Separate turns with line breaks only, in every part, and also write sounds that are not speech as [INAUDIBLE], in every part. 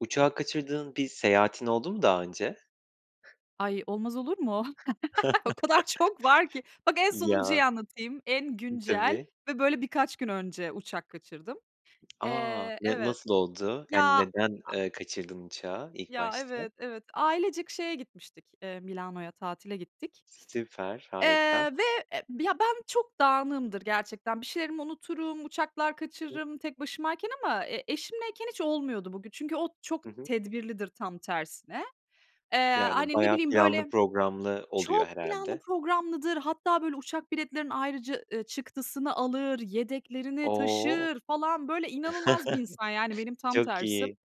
Uçağı kaçırdığın bir seyahatin oldu mu daha önce?
Ay, olmaz olur mu? [CHUCKLES] O kadar çok var ki.
[CHUCKLES]
Bak en
Ya,
sonuncuyu anlatayım: En güncel
tabii.
ve böyle birkaç gün önce uçak kaçırdım.
[TSK] A!
Eee,
Ne
evet.
nasıl oldu?
Ya,
Yani
aaa
neden kaçırdın uçağı ilk
Ya,
başta?
evet, evet. Ailecek şeye gitmiştik, eee, Milano'ya tatile gittik.
Süper,
Eee,
harika.
ve, eee, ben çok dağınığımdır gerçekten. Bir şeylerimi unuturum, uçaklar
[UNINTELLIGIBLE]
kaçırırım tek başımayken ama e eşimleyken hiç olmuyordu bugü Çünkü o çok
Hı hı.
tedbirlidir tam tersine. Eee,
Yani,
hani, ne
bayağı
bileyim,
planlı
böyle,
programlı oluyor
çok planlı
herhâlde.
programlıdır. Hatta böyle uçak biletlerinin ayrıca, ııı, çıktısını alır, yedeklerini
O!
taşır falan. Böyle inanılmaz bir insan, yani
[CHUCKLES]
benim tam
Çok
tersim.
iyi.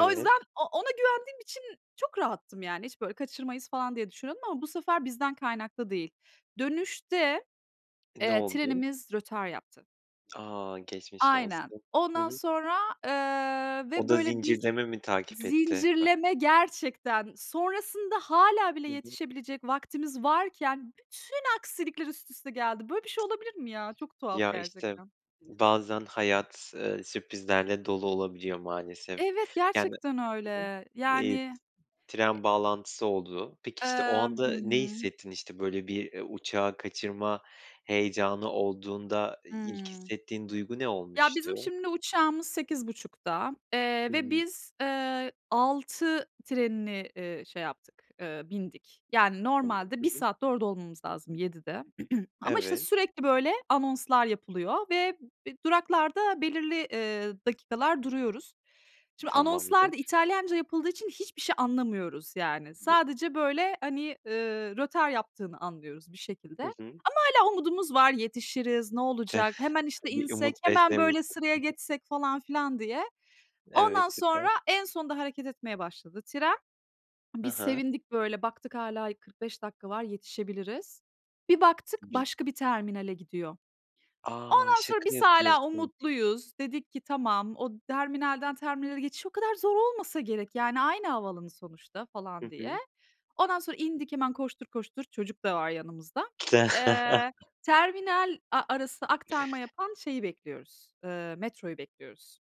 O yüzden o ona güvendiğim için çok rahattım yani. Hiç, böyle, "Kaçırmayız." falan diye düşünüyordum ama bu sefer bizden kaynaklı değil. Dönüşte,
Ne
eee,
oldu?
trenimiz rötar yaptı.
A, geçmiş
Aynen.
olsun. Hı
Ondan
hı.
sonra, eee, ve,
O da
böyle, biz
zincirleme mi takip etti?
Zincirleme gerçekten. Sonrasında hâlâ bile
Hı hı.
yetişebilecek vaktimiz varken bütün aksilikler üst üste geldi. Böyle bir şey olabilir mi ya? Çok tuhaf
Ya, işte.
gerçekten.
Bazen hayat, eee, sürprizlerle dolu olabiliyor maalesef
Evet,
yani
gerçekten
Hı hı.
öyle.
Eee,
Yani, eee
tren bağlantısı oldu. Peki, işte, o
Eee Hı
anda ne
hı.
hissettin? İşte, böyle, bir uçağı kaçırma heyecanı olduğunda, ilk
Hıı.
hissettiğin duygu ne
Ya,
olmuştu?
bizim şimdi uçağımız 8.30'da,
Hı
eee, ve
hı.
biz, eee, 06.00 trenini, iii, şey yaptık, eee, bindik. Yani,
[UNINTELLIGIBLE]
normalde
Hı
1
hı.
saatte orada olmamız lazım, 07.00'de. [CLEARS THROAT] Ama, işte,
Evet.
sürekli, böyle, anonslar yapılıyor ve b duraklarda belirli, eee, dakikalar duruyoruz. Şimdi anonslar da
Tamamdır.
İtalyanca yapıldığı için hiçbir şey anlamıyoruz yani. Sadece, böyle, hani, eee, rötar yaptığını anlıyoruz bir şekilde.
Hı
Ama
hı.
hâlâ umudumuz var, "Yetişiriz, ne olacak? Hemen,
[SCOFFS]
işte,
Bir umut
insek, hemen, böyle,
beslemişsin.
sıraya
Hı hı.
geçsek." falan filan diye. Ondan
Evet,
sonra,
süper.
en sonunda hareket etmeye başladı tren.
Hı
Biz
hı.
sevindik, böyle, baktık hâlâ y 45 dakika var, yetişebiliriz. Bir baktık,
Bil
başka bir terminale gidiyor.
A!
Ondan
Şaka
sonra biz hâlâ
yapıyorsun.
umutluyuz. Dedik ki, "Tamam, o terminalden terminale geçiş o kadar zor olmasa gerek. Yani aynı havaalanı sonuçta." falan
Hı
diye.
hı.
Ondan sonra indik hemen koştur koştur, çocuk da var yanımızda. Eee,
[CHUCKLES]
terminal a arası aktarma yapan şeyi bekliyoruz, eee, metroyu bekliyoruz.